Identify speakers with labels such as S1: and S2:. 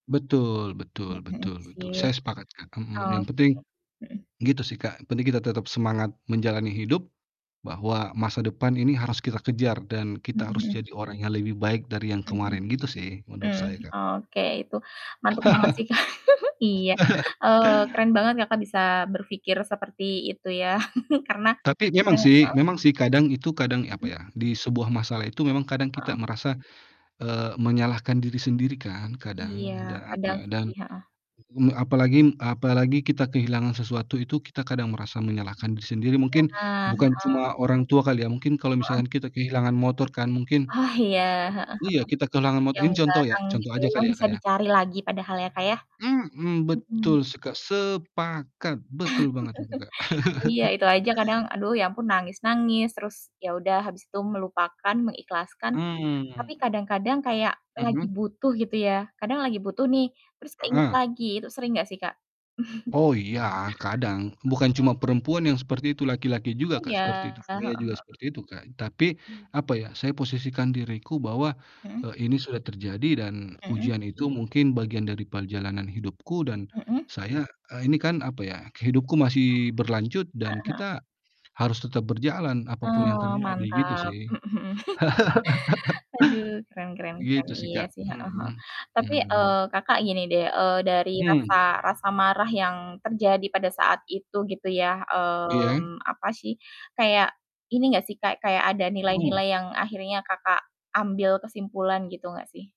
S1: Betul betul
S2: Mhm
S1: betul betul
S2: sih,
S1: saya sepakat Kak, mhm,
S2: ah,
S1: yang penting,
S2: oke, mhm.
S1: gitu sih Kak yang penting kita tetap semangat menjalani hidup, bahwa masa depan ini harus kita kejar dan
S2: Mhm
S1: kita harus
S2: mhm.
S1: jadi orang yang lebih baik dari yang
S2: Mhm,
S1: kemarin gitu sih menurut
S2: mmm,
S1: saya, Kak.
S2: oke itu mantep banget sih Kak iya, eee, keren banget Kakak bisa berpikir seperti itu ya karena
S1: Tapi memang sih
S2: heeh.
S1: memang sih kadang itu kadang apa
S2: Mhm.
S1: ya di sebuah masalah itu memang kadang
S2: Heeh.
S1: kita merasa, eee, menyalahkan diri sendiri kan
S2: Iya
S1: kadang da
S2: kadang
S1: apa
S2: sih,
S1: dan,
S2: heeh.
S1: mmm, apalagi apalagi kita kehilangan sesuatu itu kita kadang merasa menyalahkan diri sendiri mungkin,
S2: Nah,
S1: bukan
S2: heeh.
S1: cuma orang tua kali ya mungkin kalau
S2: Heeh.
S1: misalkan kita kehilangan motor kan mungkin,
S2: Ah, iya, heeh heeh,
S1: iya kita kehilangan motor
S2: yang
S1: ini contoh ya
S2: bareng gitu
S1: contoh
S2: ya
S1: aja
S2: yang
S1: kali ya
S2: bisa
S1: Kak ya.
S2: dicari lagi padahal ya Kak ya,
S1: Mhm,
S2: mhm.
S1: betul seka sepakat betul banget itu Kak.
S2: Iya itu aja kadang aduh ya ampun nangis-nangis terus ya udah habis itu melupakan mengikhlaskan, tapi
S1: Mmm.
S2: kadang-kadang kayak lagi
S1: Mhm.
S2: butuh gitu ya kadang lagi butuh nih, terus keinget
S1: Heeh.
S2: lagi itu sering gak sih Kak?
S1: Oh iya kadang bukan cuma
S2: Heeh.
S1: perempuan yang seperti itu laki-laki juga
S2: Oh
S1: Kak
S2: ya,
S1: seperti itu.
S2: heeh
S1: Saya juga
S2: heeh.
S1: seperti itu Kak, tapi,
S2: Mmm.
S1: apa ya saya posisikan diriku bahwa,
S2: Mhm.
S1: eee, ini sudah terjadi dan
S2: Mhm.
S1: ujian itu mungkin bagian dari perjalanan hidupku dan,
S2: Mhm.
S1: saya eee, ini kan apa ya hidupku masih berlanjut dan
S2: Heeh heeh.
S1: kita, harus tetap berjalan apa pun yang
S2: Oh
S1: terjadi gitu
S2: mantap,
S1: sih.
S2: mhm mhm. Aduh keren keren keren
S1: Gitu sih
S2: iya
S1: Kak,
S2: sih, heeh heeh,
S1: mhm,
S2: tapi,
S1: mmm.
S2: eee, Kakak gini deh, eee, dari
S1: Mmm.
S2: rasa rasa marah yang terjadi pada saat itu gitu ya,
S1: Iya.
S2: mmm, apa sih, kayak, ini nggak sih, Kak, kayak ada
S1: Mmm.
S2: nilai-nilai yang akhirnya Kakak ambil kesimpulan gitu nggak sih?